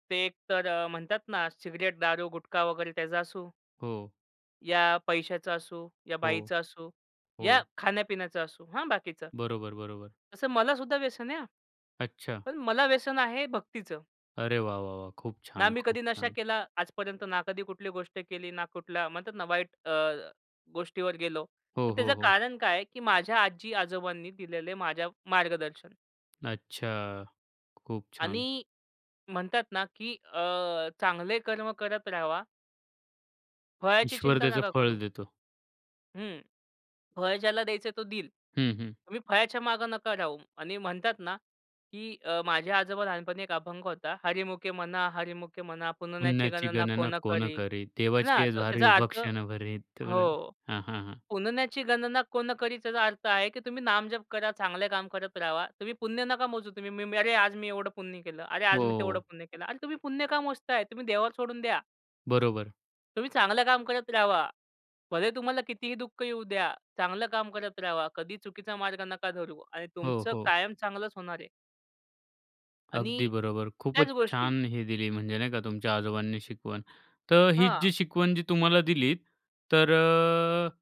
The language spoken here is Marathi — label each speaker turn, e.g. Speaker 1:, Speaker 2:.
Speaker 1: ते एक तर अ, म्हणतात ना सिगारेट दारू, गुटखा वगैरे त्याचा असो
Speaker 2: हो.
Speaker 1: या पैशाचा असो, या
Speaker 2: हो,
Speaker 1: बाईचा असो, या
Speaker 2: हो.
Speaker 1: खाण्यापिण्याचा असो. हां, बाकीचा.
Speaker 2: बरोबर, बरोबर.
Speaker 1: तसं मला सुद्धा व्यसन आहे हं.
Speaker 2: अच्छा.
Speaker 1: पण मला व्यसन आहे भक्तीचं.
Speaker 2: अरे वाह, वाह, वाह! खूप
Speaker 1: ना
Speaker 2: छान,
Speaker 1: मी
Speaker 2: खूप
Speaker 1: कधी नशा
Speaker 2: छान.
Speaker 1: केला आजपर्यंत, ना कधी कुठली गोष्ट केली, ना कुठल्या म्हणतात ना वाईट अ, गोष्टीवर गेलो.
Speaker 2: हो,
Speaker 1: तर त्याचं
Speaker 2: हो, हो.
Speaker 1: कारण काय आहे, की माझ्या आजी-आजोबांनी दिलेलं माझ्या मार्गदर्शन.
Speaker 2: अच्छा. खूप छान.
Speaker 1: आणि म्हणतात ना की अ, चांगले कर्म करत राहावा. फळाची
Speaker 2: ईश्वर
Speaker 1: चिंता
Speaker 2: त्याचं
Speaker 1: नका
Speaker 2: फळ
Speaker 1: करू.
Speaker 2: देतो.
Speaker 1: हं, फळ ज्याला द्यायचंय तो देईल.
Speaker 2: हं, हं.
Speaker 1: तुम्ही फळ्याच्या मागे नका राहू आणि म्हणतात ना, की अ, माझ्या आजोबा लहानपणी एक अभंग होता, "हरीमुखे म्हणा, हरीमुखे म्हणा. पुण्याची
Speaker 2: "पुण्याची
Speaker 1: गणना
Speaker 2: गणना
Speaker 1: कोण
Speaker 2: कोण
Speaker 1: करी."
Speaker 2: करे
Speaker 1: ना,
Speaker 2: देवाचीये
Speaker 1: तर
Speaker 2: द्वारी
Speaker 1: त्याचा
Speaker 2: उभा
Speaker 1: अर्थ
Speaker 2: क्षणभरी." तर
Speaker 1: हो.
Speaker 2: हां, हां. हां.
Speaker 1: पुण्याची गणना कोण करी त्याचा अर्थ आहे, की तुम्ही नामजप करा चांगले काम करत राहावा. तुम्ही पुण्य नका मोजू तुम्ही, "मी अरे आज मी एवढं पुण्य केलं. अरे आज मी तेवढं
Speaker 2: हो.
Speaker 1: पुण्य केलं." अरे तुम्ही पुण्य का मोजताय? तुम्ही देवावर सोडून द्या.
Speaker 2: बरोबर.
Speaker 1: तुम्ही चांगलं काम करत राहावा. भले तुम्हाला कितीही दुःख येऊ द्या. चांगलं काम करत राहावा, कधी चुकीचा मार्ग नका धरू आणि
Speaker 2: हो,
Speaker 1: तुमचं
Speaker 2: हो.
Speaker 1: कायम चांगलंच होणार आहे.
Speaker 2: अगदी
Speaker 1: आणि
Speaker 2: बरोबर. खूपच
Speaker 1: त्याच गोष्टी
Speaker 2: छान हे दिली म्हणजे नाही का तुमच्या आजोबांनी शिकवण. तर ही
Speaker 1: हां.
Speaker 2: जी शिकवण जी तुम्हाला दिली तर अ,